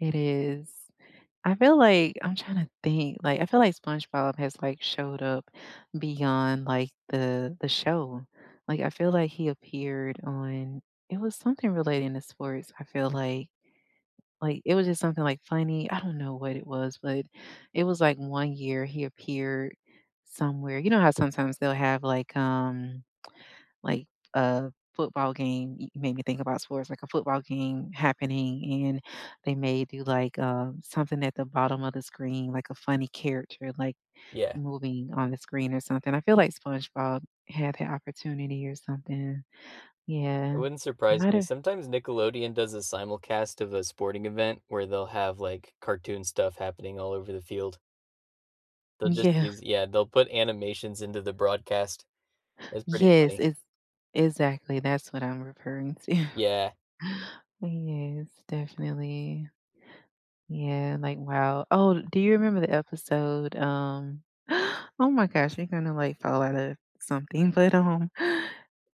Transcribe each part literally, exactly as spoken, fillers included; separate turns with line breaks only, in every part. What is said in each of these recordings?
It is, I feel like I'm trying to think, like, I feel like, SpongeBob has, like, showed up beyond, like, the the show. Like, I feel like, he appeared on it was something relating to sports, I feel like like, it was just something, like, funny I don't know what it was, but it was, like, one year he appeared somewhere you know how sometimes they'll have, like, um like, a football game you made me think about sports, like, a football game happening, and they may do, like, uh, something at the bottom of the screen, like a funny character, like,
Yeah.
moving on the screen or something; I feel like SpongeBob had ha opportunity or something.
It
Yeah,
wouldn't
it
surprise me;
might've
sometimes Nickelodeon does a simulcast of a sporting event where they'll have, like, cartoon stuff happening all over the field. They'll just
Yeah.
use yeah, they'll put animations into the broadcast. It's pretty
Yes,
funny.
it's exactly, that's what I'm referring to.
Yeah.
Yes, definitely, yeah, like, wow oh, do you remember the episode, um Oh my gosh, we're gonna, like, fall outta something, but, um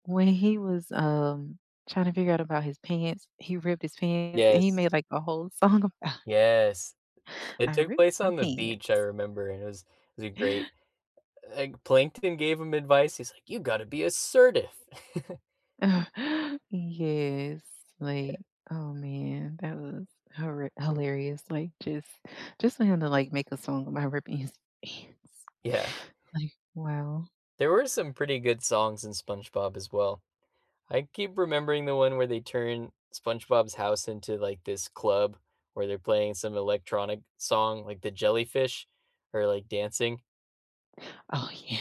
when he was, um, trying to figure out about his pants he ripped his pants, and he
Yes.
made, like, a whole song about
Yes, it
I
took
ripped
place
my
on the beach, I
pants.
remember, and it was was a great uh, like, Plankton gave him advice, he's like, "You gotta be assertive."
Yes,
Yeah.
like, oh man, that was horri hilarious, like, just just for him to, like, make a song about ripping his pants,
Yeah.
like, wow.
There were some pretty good songs in SpongeBob as well. I keep remembering the one where they turned SpongeBob's house into, like, this club, where they're playing some electronic song, like, the jellyfish are, like, dancing.
Oh, yeah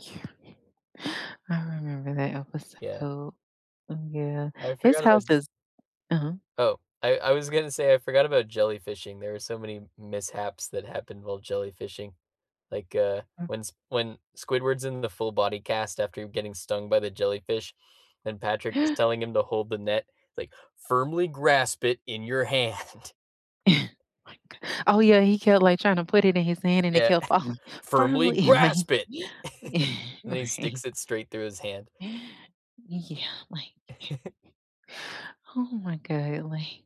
yeah, I remember that
Yeah.
episode, mm, yeah.
I
His
forgot about
house is Uh-huh.
Oh, I I was gonna say I forgot about jellyfishing; there are so many mishaps that happened while jellyfishing, like, uh,
Mm
when s when Squidward's in the full-body cast after getting stung by the jellyfish, and Patrick is telling him to hold the net, like, "Firmly grasp it in your hand."
My good oh yeah, he kept, like, trying to put it in his hand and it
Yeah,
kept falling.
"Firmly
"Firmly," like
grasp it,"
yeah,
and he
right.
sticks it straight through his hand.
Yeah, like, oh my golly,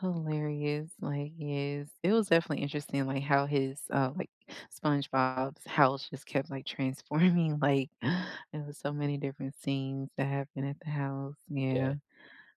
hilarious, like, yes, it was definitely interesting, like, how his, uh, like SpongeBob's house just kept, like, transforming, like it was so many different scenes that happened at the house, yeah.
Yeah.